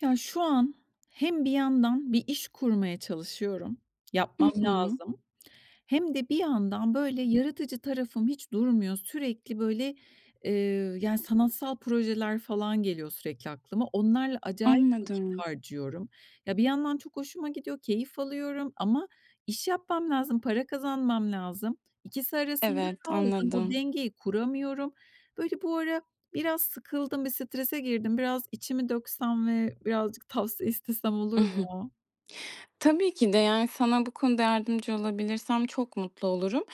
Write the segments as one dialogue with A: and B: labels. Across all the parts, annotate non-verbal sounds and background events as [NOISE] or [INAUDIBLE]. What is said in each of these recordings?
A: Ya, şu an hem bir yandan bir iş kurmaya çalışıyorum,
B: Hı
A: yapmam
B: hı.
A: lazım. Hem de bir yandan, böyle, yaratıcı tarafım hiç durmuyor. Sürekli, böyle, eee, yani, sanatsal projeler falan geliyor sürekli aklıma. Onlarla acayip vakit
B: Anladım.
A: harcıyorum. Ya, bir yandan çok hoşuma gidiyor, keyif alıyorum ama iş yapmam lazım, para kazanmam lazım, ikisi arasında
B: Evet,
A: kaldım. O
B: anladım.
A: dengeyi kuramıyorum. Böyle, bu ara biraz sıkıldım, bir strese girdim. Biraz içimi döksem ve birazcık tavsiye istesem
B: I
A: olur
B: hı.
A: mu?
B: Tabii ki de, yani, sana bu konuda yardımcı olabilirsem çok mutlu olurum.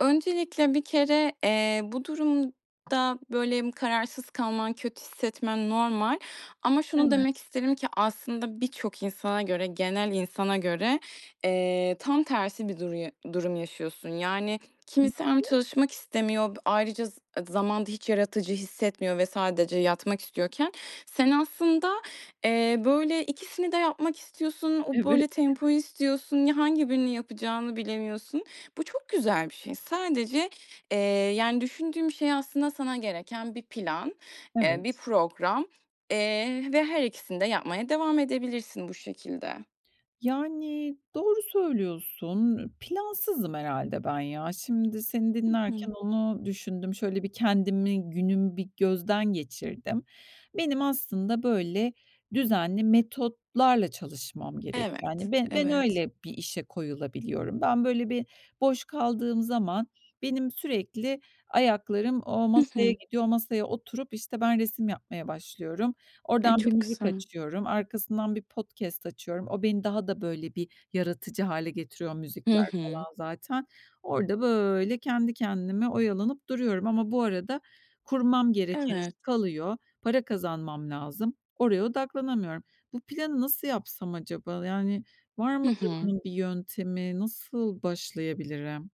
B: Öncelikle, bir kere, eee, bu durumda, böyle, kararsız kalman, kötü hissetmen normal. Ama şunu
A: Evet.
B: demek isterim ki, aslında, birçok insana göre, genel insana göre, eee, tam tersi bir duruyu durum yaşıyorsun. Yani, kimisi
A: Nasıl?
B: hem çalışmak istemiyor, b ayrıca z zamanda hiç yaratıcı hissetmiyor ve sadece yatmak istiyorken, sen aslında, eee, böyle, ikisini de yapmak istiyorsun, o,
A: Evet.
B: böyle, tempoyu istiyorsun, ya, hangi birini yapacağını bilemiyorsun. Bu çok güzel bir şey. Sadece, eee, yani düşündüğüm şey aslında sana gereken bir plan, eee,
A: Evet.
B: bir program, eee, ve her ikisini de yapmaya devam edebilirsin bu şekilde.
A: Yani, doğru söylüyorsun. Plansızım herhâlde ben ya. Şimdi, seni
B: Hı hı.
A: dinlerken onu düşündüm. Şöyle bir kendimi, günümü bir gözden geçirdim. Benim, aslında, böyle, düzenli metotlarla çalışmam gerek,
B: Evet,
A: yani. Be ben
B: evet.
A: öyle bir işe koyulabiliyorum. Ben, böyle bir boş kaldığım zaman benim sürekli ayaklarım o
B: Hı
A: masaya
B: hı.
A: gidiyor, o masaya oturup, işte, ben resim yapmaya başlıyorum.
B: E,
A: Oradan bir
B: çok
A: müzik
B: güzel.
A: açıyorum. Arkasından bir podcast açıyorum. O beni daha da böyle bir yaratıcı hâle getiriyor
B: Hı
A: müzikler
B: hı.
A: falan zaten. Orada, böyle, kendi kendime oyalanıp duruyorum. Ama bu arada, kurmam gereken iş
B: Evet.
A: kalıyor. Para kazanmam lazım. Oraya odaklanamıyorum. Bu planı nasıl yapsam acaba? Yani, var
B: Hı
A: mıdır
B: hı.
A: bunun bir yöntemi? Nasıl başlayabilirim?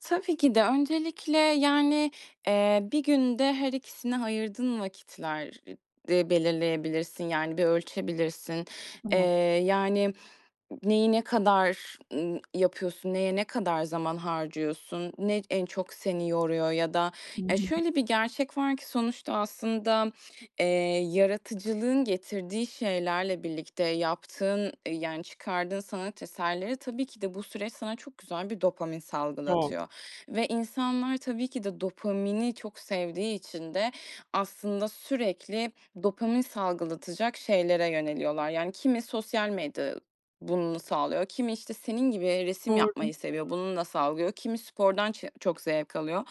B: Tabii ki de. Öncelikle, yani, eee, bir günde her ikisine ayırdığın vakitler e de belirleyebilirsin, yani, bir ölçebilirsin. Eee,
A: [UNINTELLIGIBLE]
B: yani, n neyi ne kadar, ımm, yapıyorsun, neye ne kadar zaman harcıyorsun, ne en çok seni yoruyor? Ya da
A: Hı
B: e,
A: hı.
B: şöyle bir gerçek var ki sonuçta aslında, eee, yaratıcılığın getirdiği şeylerle birlikte yaptığın, eee, yani, çıkardığın sanat eserleri, tabii ki de bu süreç sana çok güzel bir dopamin
A: Yok.
B: salgılatıyor ve insanlar tabii ki de dopamini çok sevdiği için de aslında sürekli dopamin salgılatacak şeylere yöneliyorlar. Yani, kimi sosyal medya bunu sağlıyor, kimi işte, senin gibi resim
A: Doğru.
B: yapmayı seviyor, bununla sağlıyor, kimi spordan çe çok zevk alıyor.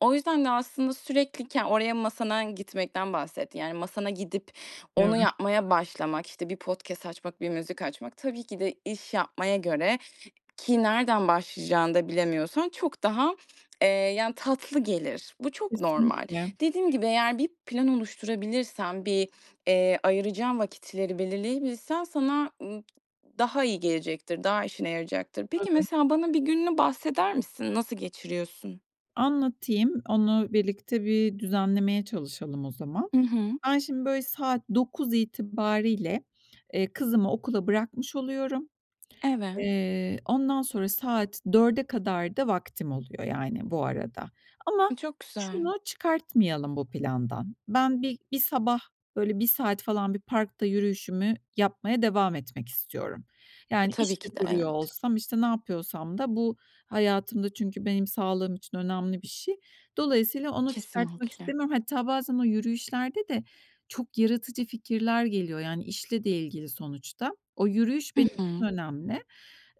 B: O yüzden de aslında sürekli ken oraya masana gitmekten bahsettin. Yani, masana gidip
A: Evet.
B: onu yapmaya başlamak, işte, bir podcast açmak, bir müzik açmak tabii ki de iş yapmaya göre, ki nereden başlayacağını da bilemiyorsan çok daha, eee, yani, tatlı gelir. Bu çok normal.
A: Kesinlikle.
B: Dediğim gibi eğer bir plan oluşturabilirsen, bir, eee, ayıracağın vakitleri belirleyebilsen, sana, ımm, daha iyi gelecektir, daha işine yarayacaktır. Peki,
A: Tabii.
B: mesela, bana bir gününü bahseder misin? Nasıl geçiriyorsun?
A: Anlatayım. Onu birlikte bir düzenlemeye çalışalım o zaman.
B: Hı hı.
A: Ben şimdi, böyle, saat 9 itibarıyla, eee, kızımı okula bırakmış oluyorum.
B: Evet.
A: Eee, ondan sonra saat 4'e kadar da vaktim oluyor, yani, bu arada. Ama
B: E, çok güzel.
A: şunu çıkartmayalım bu plandan: Ben bi bir sabah, böyle, 1 saat falan bir parkta yürüyüşümü yapmaya devam etmek istiyorum.
B: E,
A: Yani, iş
B: tabii
A: de
B: ki de,
A: kuruyor
B: evet.
A: olsam, işte, ne yapıyorsam da bu hayatımda çünkü benim sağlığım için önemli bir şey. Dolayısıyla onu çıkartmak
B: Kesinlikle.
A: istemiyorum. Hatta bazen o yürüyüşlerde de çok yaratıcı fikirler geliyor. Yani, işle de ilgili sonuçta. O yürüyüş
B: Hı
A: benim için
B: hı.
A: önemli.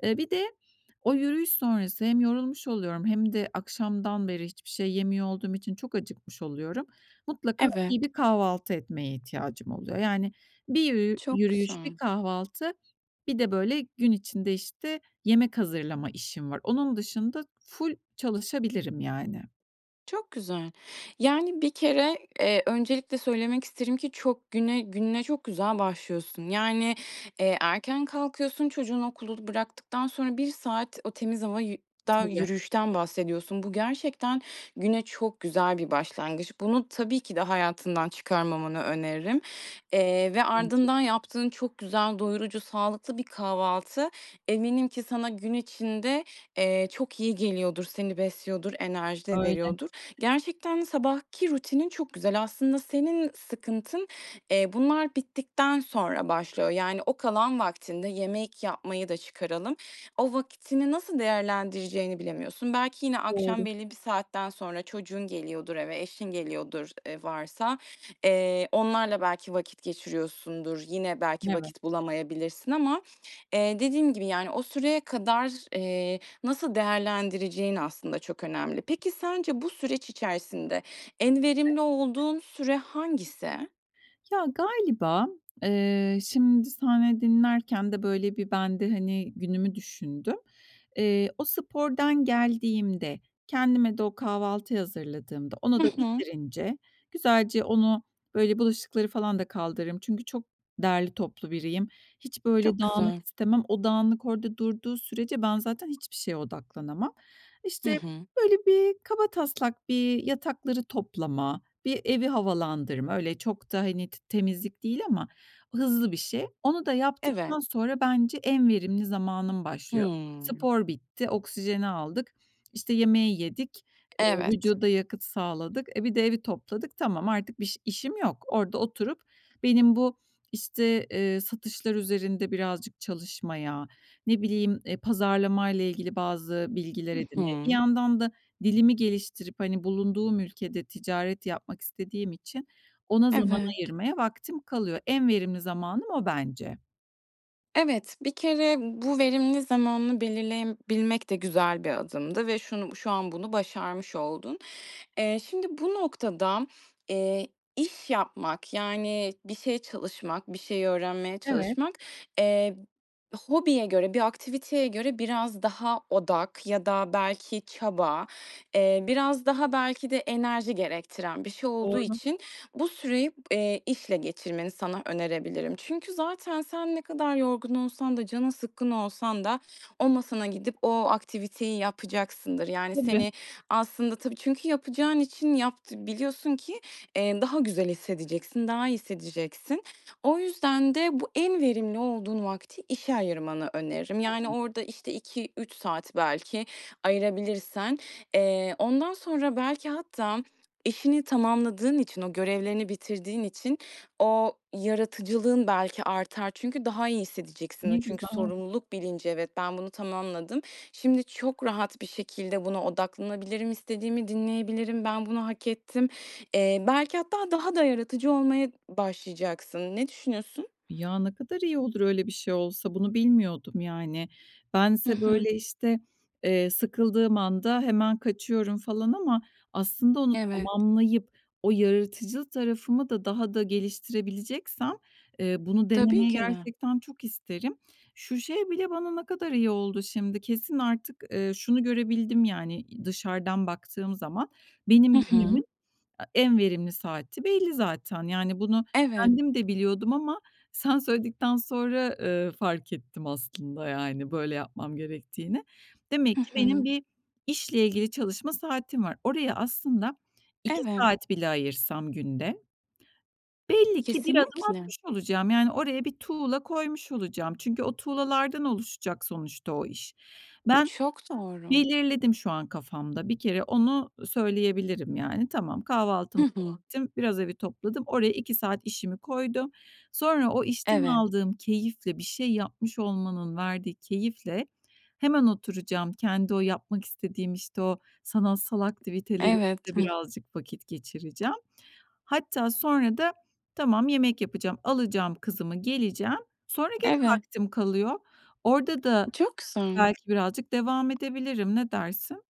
A: Eee, bir de o yürüyüş sonrası hem yorulmuş oluyorum hem de akşamdan beri hiçbir şey yemiyor olduğum için çok acıkmış oluyorum. Mutlaka
B: Evet.
A: iyi bir kahvaltı etmeye ihtiyacım oluyor. Yani, bir yürü
B: Çok
A: yürüyüş, bir
B: güzel.
A: kahvaltı, bir de, böyle, gün içinde, işte, yemek hazırlama işim var. Onun dışında ful çalışabilirim, yani.
B: Çok güzel. Yani, bir kere, eee, öncelikle söylemek isterim ki çok güne gününe çok güzel başlıyorsun. Yani, eee, erken kalkıyorsun, çocuğunu okulu bıraktıktan sonra 1 saat o temiz hava yü da
A: Tabii.
B: yürüyüşten bahsediyorsun. Bu gerçekten güne çok güzel bir başlangıç. Bunu tabii ki de hayatından çıkarmamanı öneririm, eee, ve
A: Bence
B: ardından
A: de.
B: yaptığın çok güzel, doyurucu, sağlıklı bir kahvaltı. Eminim ki sana gün içinde, eee, çok iyi geliyordur, seni besliyordur, enerji de
A: Öyle.
B: veriyordur. Gerçekten sabahki rutinin çok güzel. Aslında senin sıkıntın, eee, bunlar bittikten sonra başlıyor. Yani, o kalan vaktinde yemek yapmayı da çıkaralım. O vaktini nasıl değerlendireceğini bilemiyorsun. Belki yine akşam
A: Doğru.
B: belli saatten sonra çocuğun geliyordur eve, eşin geliyordur, eee, varsa, eee, onlarla belki vakit geçiriyorsundur, yine belki
A: Evet.
B: vakit bulamayabilirsin ama, eee, dediğim gibi, yani, o süreye kadar, eee, nasıl değerlendireceğin aslında çok önemli. Peki, sence bu süreç içerisinde en
A: [UNINTELLIGIBLE]
B: verimli olduğun süre hangisi?
A: Ya, galiba, eee, şimdi senle dinlerken de, böyle, bir ben de, hani, günümü düşündüm. Eee, o spordan geldiğimde, kendime de o kahvaltıyı hazırladığımda
B: Hı
A: onu da
B: hı.
A: bitirince güzelce onu, böyle, bulaşıkları falan da kaldırırım. Çünkü çok derli toplu biriyim. Hiç, böyle,
B: Çok
A: dağınık
B: güzel.
A: istemem. O dağınık orada durduğu sürece ben zaten hiçbir şeye odaklanamam.
B: Hı
A: İşte,
B: hı.
A: böyle bir, kabataslak bir yatakları toplama, bir evi havalandırma. Öyle, çok da, hani, t temizlik değil ama hızlı bir şey. Onu da
B: Evet.
A: yaptıktan sonra bence en verimli zamanım başlıyor.
B: Hımm.
A: Spor bitti, oksijeni aldık, işte, yemeği yedik, eee,
B: Evet.
A: vücuda yakıt sağladık, e, bir de evi topladık. Tamam, artık biş işim yok. Orada oturup benim bu, işte, eee, satışlar üzerinde birazcık çalışmaya, ne bileyim, eee, pazarlamayla ilgili bazı bilgiler
B: Hı
A: edinmeye, bir
B: hı.
A: yandan da dilimi geliştirip, hani, bulunduğum ülkede ticaret yapmak istediğim için ona zaman
B: Evet.
A: ayırmaya vaktim kalıyor. En verimli zamanım o, bence.
B: Evet, bir kere bu verimli zamanını belirleyebilmek de güzel bir adımdı ve şunu bu şu an bunu başarmış oldun. Eee, şimdi bu noktada, eee, iş yapmak, yani, bir şey çalışmak, bir şey öğrenmeye
A: Evet.
B: çalışmak, eee, hobiye göre, bir aktiviteye göre biraz daha odak ya da belki çaba, eee, biraz daha belki de enerji gerektiren bir şey olduğu
A: Doğru.
B: için bu süreyi, eee, işle geçirmeni sana önerebilirim. Çünkü zaten sen ne kadar yorgun olsan da canın sıkkın olsan da o masana gidip o aktiviteyi yapacaksındır. Yani,
A: Tabii.
B: seni aslında tabii çünkü yapacağın için yapt biliyorsun ki, eee, daha güzel hissedeceksin, daha iyi hissedeceksin. O yüzden de bu en verimli olduğun vakti işe ayırmanı öneririm. Yani,
A: [UNINTELLIGIBLE]
B: orada, işte, 2-3 saat belki ayırabilirsen, eee, ondan sonra belki hatta işini tamamladığın için, o görevlerini bitirdiğin için o yaratıcılığın belki artar. Çünkü daha iyi hissedeceksin.
A: Ne
B: O çünkü
A: güzel.
B: sorumluluk bilinci, "Evet, ben bunu tamamladım. Şimdi çok rahat bir şekilde buna odaklanabilirim. İstediğimi dinleyebilirim. Ben bunu hak ettim." Eee, belki hatta daha da yaratıcı olmaya n başlayacaksın. Ne düşünüyorsun?
A: Ya, ne kadar iyi olur öyle bir şey olsa, bunu bilmiyordum, yani.
B: Hı
A: Bense,
B: hı.
A: böyle, işte, eee, sıkıldığım anda hemen kaçıyorum, falan, ama aslında onu
B: Evet.
A: tamamlayıp o yaratıcı tarafımı da daha da geliştirebileceksem, eee, bunu
B: Tabii
A: denemeyi
B: ki de.
A: gerçekten çok isterim. Şu şey bile bana ne kadar iyi oldu, şimdi, kesin artık, eee, şunu görebildim yani, i dışarıdan baktığım zaman
B: Hı
A: benim günümün
B: hı.
A: a en verimli saati belli zaten. Yani, bunu
B: Evet.
A: kendim de biliyordum ama sen söyledikten sonra, eee, fark ettim aslında, yani, böyle yapmam gerektiğini.
B: Hı
A: Demek ki benim
B: hı.
A: bir işle ilgili çalışma saatim var. Oraya aslında 2
B: Evet.
A: saat bile ayırsam günde belli ki bir adım
B: Kesinlikle.
A: atmış olacağım, yani, oraya bir tuğla koymuş olacağım. Çünkü o tuğlalardan oluşacak sonuçta o iş. Ben
B: Çok doğru.
A: belirledim şu an kafamda. Bir kere onu söyleyebilirim, yani. Tamam,
B: Hı
A: kahvaltımı da
B: hı.
A: ettim. Biraz evi topladım. Oraya 2 saat işimi koydum. Sonra o işten
B: Evet.
A: aldığım keyifle, bir şey yapmış olmanın verdiği keyifle hemen oturacağım. Kendi o yapmak istediğim, işte, o sanatsal aktiviteleriyle
B: Evet. Hıh.
A: birazcık vakit geçireceğim. Hatta sonra da tamam, yemek yapacağım, alacağım kızımı, geleceğim, sonra gene
B: Evet.
A: vaktim kalıyor. Orada da
B: Çok güzel.
A: belki birazcık devam edebilirim. Ne dersin?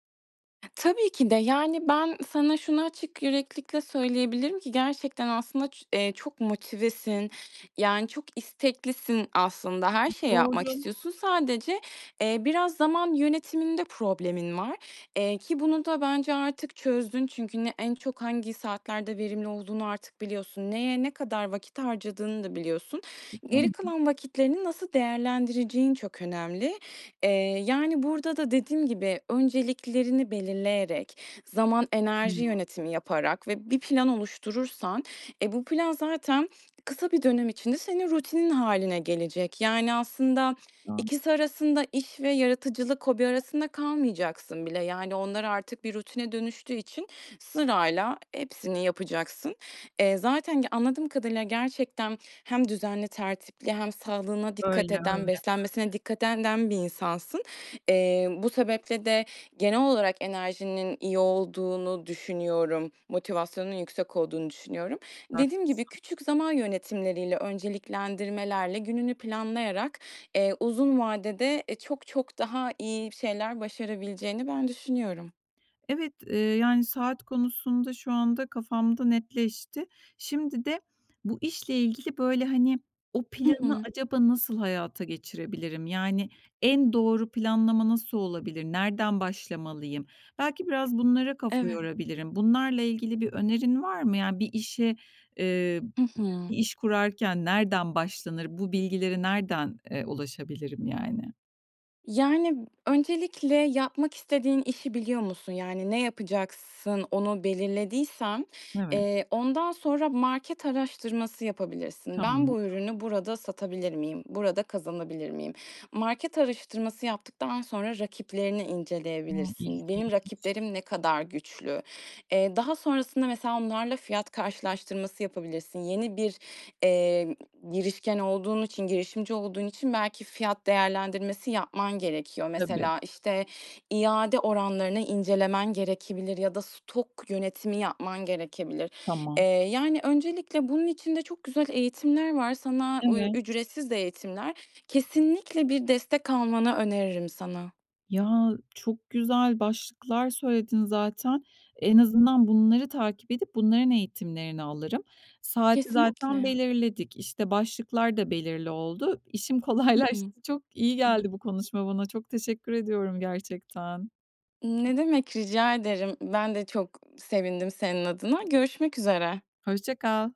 B: Tabii ki de, yani, ben sana şunu açık yüreklilikle söyleyebilirim ki gerçekten, aslında, ç eee, çok motivesin, yani, çok isteklisin, aslında. Her
A: [UNINTELLIGIBLE]
B: şeyi yapmak
A: Doğru.
B: istiyorsun. Sadece, eee, biraz zaman yönetiminde problemin var, eee, ki bunu da bence artık çözdün. Çünkü ne en çok hangi saatlerde verimli olduğunu artık biliyorsun. Neye ne kadar vakit harcadığını da biliyorsun. Geri
A: [UNINTELLIGIBLE]
B: kalan vakitlerini nasıl değerlendireceğin çok önemli. Eee, yani, burada da dediğim gibi önceliklerini belirleyerek, zaman enerji
A: [UNINTELLIGIBLE]
B: yönetimi yaparak ve bir plan oluşturursan, e, bu plan zaten kısa bir dönem içinde senin rutinin hâline gelecek. Yani, aslında, ikisi
A: [UNINTELLIGIBLE]
B: arasında, iş ve yaratıcılık, hobi arasında kalmayacaksın bile. Yani, onlar artık bir rutine dönüştüğü için sırayla hepsini yapacaksın. Eee, zaten ge anladığım kadarıyla gerçekten hem düzenli, tertipli hem sağlığına dikkat
A: Öyle,
B: eden,
A: öyle.
B: beslenmesine dikkat eden den bir insansın. Eee, bu sebeple de genel olarak enerjinin iyi olduğunu düşünüyorum. Motivasyonun yüksek olduğunu düşünüyorum. Dediğim gibi,
A: Haklısın.
B: küçük zaman yönetimleriyle, önceliklendirmelerle gününü planlayarak, eee, uzun vadede, eee, çok, çok daha iyi şeyler başarabileceğini ben düşünüyorum.
A: Evet, eee, yani, saat konusunda şu anda kafamda netleşti. Şimdi de bu işle ilgili, böyle, hani, "O
B: Hı
A: planı
B: hı.
A: acaba nasıl hayata geçirebilirim? Yani, en doğru planlama nasıl olabilir? Nereden başlamalıyım?" Belki biraz bunlara kafa
B: Evet.
A: yorabilirim. Bunlarla ilgili bir önerin var mı? Yani, bir işe, eee,
B: Hı hı.
A: bir iş kurarken nereden başlanır? Bu bilgilere nereden, eee, ulaşabilirim, yani?
B: Yani, öncelikle yapmak istediğin işi biliyor musun? Yani, ne yapacaksın? Onu belirlediysen,
A: Evet.
B: eee, ondan sonra market araştırması yapabilirsin. "Ben
A: Tamam.
B: bu ürünü burada satabilir miyim? Burada kazanabilir miyim?" Market araştırması yaptıktan sonra rakiplerini
A: Hımm,
B: inceleyebilirsin. "Benim
A: ilginç.
B: rakiplerim ne kadar güçlü?" Eee, daha sonrasında, mesela, onlarla fiyat karşılaştırması yapabilirsin. Yeni bir, eee, girişken olduğun için, girişimci olduğun için belki fiyat değerlendirmesi yapman gerekiyor.
A: Tabii.
B: Mesela, işte, iade oranlarını incelemen gerekebilir ya da stok yönetimi yapman gerekebilir. Eee,
A: Tamam.
B: yani, öncelikle bunun için de çok güzel eğitimler var. Sana uy
A: Evet.
B: ücretsiz de eğitimler. Kesinlikle bir destek almanı öneririm sana.
A: Ya, çok güzel başlıklar söyledin zaten. En azından bunları takip edip bunların eğitimlerini alırım. Saati zaten
B: Kesinlikle.
A: belirledik. İşte, başlıklar da belirli oldu. İşim
B: Hı hı.
A: kolaylaştı. Çok iyi geldi
B: [UNINTELLIGIBLE]
A: bu konuşma bana. Çok teşekkür ediyorum, gerçekten.
B: Ne demek, rica ederim. Ben de çok sevindim senin adına, görüşmek üzere.
A: Hoşça kal.